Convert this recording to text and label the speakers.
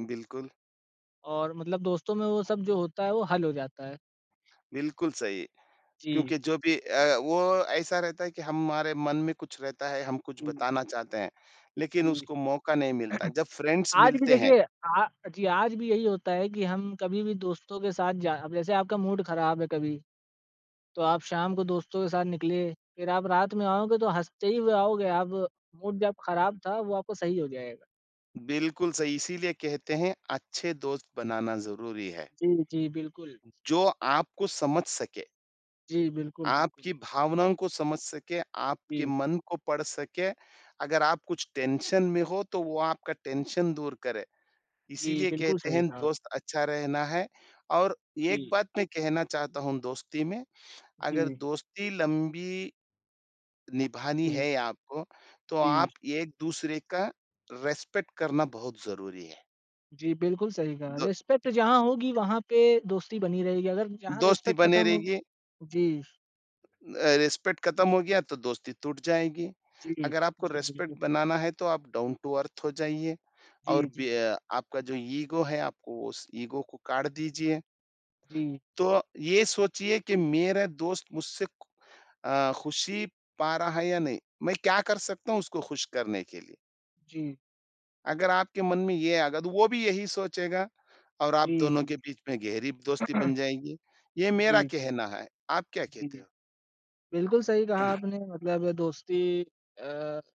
Speaker 1: बिल्कुल।
Speaker 2: और मतलब दोस्तों में वो सब जो होता है वो हल हो जाता है।
Speaker 1: बिल्कुल सही,
Speaker 2: जी।
Speaker 1: क्योंकि जो भी अ, वो ऐसा रहता है कि हमारे मन में कुछ रहता है, हम कुछ
Speaker 2: हुँ।
Speaker 1: बताना चाहते हैं, लेकिन
Speaker 2: हुँ।
Speaker 1: उसको मौका नहीं मिलता, जब फ्रेंड्स
Speaker 2: आज भी
Speaker 1: मिलते हैं।
Speaker 2: देखिए, अ जी, आज भी यही होता है कि हम कभी भी दोस्तों के साथ जा जैसे आपका मूड खराब है कभी, तो आप शाम को दोस्तों के साथ निकले। फिर आप रात में आओगे तो हँसते हुए ही आओगे आप मूड जब खराब था वो आपको सही हो जाएगा।
Speaker 1: बिल्कुल सही, इसीलिए कहते हैं अच्छे दोस्त बनाना ज़रूरी है।
Speaker 2: जी, जी, बिल्कुल।
Speaker 1: जो आपको समझ सके।
Speaker 2: जी, बिल्कुल, बिल्कुल।
Speaker 1: आपकी भावनाओं को समझ सके, आपके
Speaker 2: जी।
Speaker 1: मन को पढ़ सके। अगर आप कुछ टेंशन में हो तो वो आपका टेंशन दूर करे,
Speaker 2: जी,
Speaker 1: इसीलिए
Speaker 2: बिल्कुल
Speaker 1: कहते
Speaker 2: सही
Speaker 1: हैं
Speaker 2: कहा।
Speaker 1: दोस्त अच्छा रहना है और एक
Speaker 2: जी।
Speaker 1: बात मैं कहना चाहता हूँ दोस्ती में, अगर
Speaker 2: जी।
Speaker 1: दोस्ती लंबी निभानी
Speaker 2: हुँ।
Speaker 1: है आपको, तो
Speaker 2: जी।
Speaker 1: आप एक-दूसरे का रिस्पेक्ट करना बहुत ज़रूरी है।
Speaker 2: जी, बिल्कुल सही कहा,
Speaker 1: दो
Speaker 2: रिस्पेक्ट जहाँ होगी वहाँ पे दोस्ती बनी रहेगी। अगर जहाँ
Speaker 1: दोस्ती
Speaker 2: रिस्पेक्ट
Speaker 1: बनी
Speaker 2: खत्म हो
Speaker 1: रहेगी।
Speaker 2: जी।
Speaker 1: अ, रिस्पेक्ट खत्म हो गया तो दोस्ती टूट जाएगी।
Speaker 2: जी,
Speaker 1: अगर आपको
Speaker 2: जी, बिल्कुल।
Speaker 1: रिस्पेक्ट बनाना है तो आप डाउन टू अर्थ हो जाइए
Speaker 2: जी,
Speaker 1: और बी
Speaker 2: जी।
Speaker 1: अ, आपका जो ईगो है आपको उस ईगो को काट दीजिए।
Speaker 2: जी।
Speaker 1: तो ये सोचिए कि मेरा दोस्त मुझसे खु अ, खुशी पा रहा है या नहीं? मैं क्या कर सकता हूँ उसको खुश करने के लिए?
Speaker 2: जी।
Speaker 1: अगर आपके मन में ये आ गया तो वो भी यही सोचेगा और आप
Speaker 2: जी,
Speaker 1: दोनों
Speaker 2: जी।
Speaker 1: के बीच में गहरी दोस्ती बन जाएगी, ये मेरा
Speaker 2: जी, जी,
Speaker 1: कहना है। आप क्या
Speaker 2: जी,
Speaker 1: कहते हो?
Speaker 2: बिल्कुल सही कहा आपने मतलब दोस्ती अ